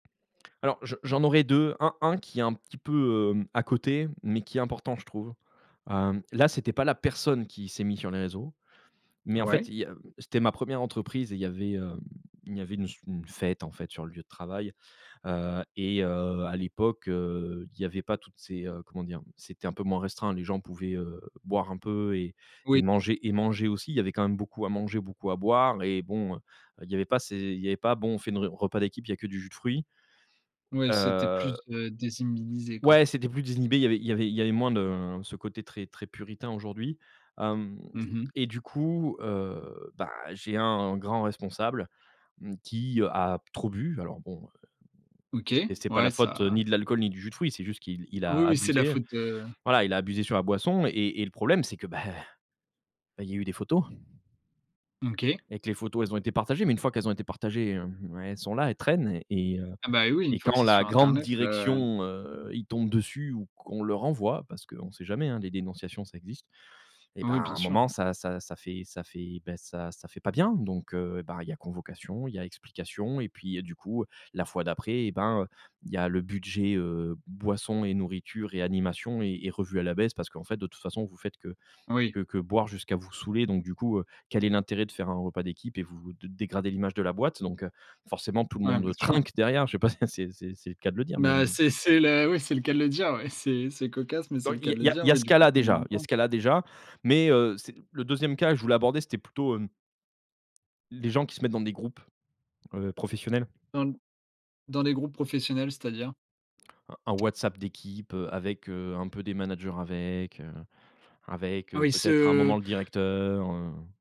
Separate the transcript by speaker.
Speaker 1: Alors je j'en aurais 2, un un qui est un petit peu, hem, à côté, mais qui est important je trouve, hem, là c'était pas la personne qui s'est mis sur les réseaux, mais en fait
Speaker 2: Ouais.
Speaker 1: il y a c'était ma 1re entreprise et il y avait, hem il y avait une s une fête, en fait, sur le lieu de travail, heu et heu, à l'époque heu, il y avait pas toutes ces heu comment dire, c'était un peu moins restreint, les gens pouvaient, heu, boire un peu et
Speaker 2: Oui.
Speaker 1: manger et manger aussi, il y avait quand même beaucoup à manger, beaucoup à boire et bon, heu, il y avait pas ces il y avait bon on fait une re repas d'équipe, il y a que du jus de fruit
Speaker 2: Ouais c'était plus,
Speaker 1: heu
Speaker 2: heu désinhibé, quoi?
Speaker 1: Ouais, c'était plus désinhibé, il y avait il y avait il y avait moins de, heu, ce côté, très, très puritain aujourd'hui, hem
Speaker 2: Mmh mh.
Speaker 1: et du coup, heu, bah, j'ai un grand responsable, mmh, qui, heu, a trop bu, alors bon, heu,
Speaker 2: OK,
Speaker 1: et c'est pas la
Speaker 2: ouais,
Speaker 1: faute
Speaker 2: ça?
Speaker 1: ni de l'alcool ni du jus de fruits, c'est juste qu'il il
Speaker 2: Ah oui,
Speaker 1: a
Speaker 2: oui ,c'est la
Speaker 1: abusé,
Speaker 2: faute, heu
Speaker 1: voilà, il a abusé sur la boisson et et et le problème c'est que, bah, bah, il y a eu des photos
Speaker 2: OK.
Speaker 1: et que les photos, elles ont été partagées, mais une fois qu'elles ont été partagées, hem, ouais, elles sont là, elles traînent et heu
Speaker 2: Ah bah, heu, oui, une
Speaker 1: et
Speaker 2: fois que
Speaker 1: quand
Speaker 2: c'est
Speaker 1: la
Speaker 2: sur
Speaker 1: grande
Speaker 2: internet, heu
Speaker 1: direction, heu, ils tombent dessus ou qu'on leur envoie parce qu'on sait jamais, hein, les dénonciations ça existe et
Speaker 2: Oh
Speaker 1: bah, à
Speaker 2: oui, bien
Speaker 1: un
Speaker 2: sûr.
Speaker 1: moment ça ça ça fait ça fait bah, ça ça fait pas bien, donc heu, ben, il y a convocation, il y a explication et puis, heu, du coup, la fois d'après, eh ben, heu, il y a le budget, heu, boissons et nourritures et animations est est revus à la baisse parce qu'en fait: «De toute façon, heu, vous faites que
Speaker 2: Oui.
Speaker 1: que que boire jusqu'à vous saouler, donc du coup, heu, quel est l'intérêt de faire un repas d'équipe et vous de dégrader l'image de la boîte?» donc, heu, forcément, tout le
Speaker 2: Ouais,
Speaker 1: monde,
Speaker 2: bien
Speaker 1: heu,
Speaker 2: sûr.
Speaker 1: trinque derrière, je sais pas si c'est c'est c'est le cas de le dire, mais
Speaker 2: Bah,
Speaker 1: heu
Speaker 2: c'est c'est le oui, c'est le cas de le dire, ouais. C'est c'est cocasse, mais c'est
Speaker 1: Dans
Speaker 2: le
Speaker 1: il
Speaker 2: cas
Speaker 1: y a
Speaker 2: de
Speaker 1: il
Speaker 2: le
Speaker 1: y a
Speaker 2: dire,
Speaker 1: il y a
Speaker 2: oui,
Speaker 1: ce
Speaker 2: du coup
Speaker 1: cas-là, déjà il y a ce
Speaker 2: [unintelligible]
Speaker 1: cas-là, déjà, mais heu, c'est le 2e cas je voulais aborder c'était plutôt, hem les gens qui se mettent dans des groupes, heu, professionnels.
Speaker 2: Dans dans les groupes professionnels, c'est-à-dire?
Speaker 1: Un un WhatsApp d'équipe, heu, avec, heu, un peu des managers avec, heu, avec, heu,
Speaker 2: Oui,
Speaker 1: peut-être à un moment
Speaker 2: ce
Speaker 1: le directeur, heu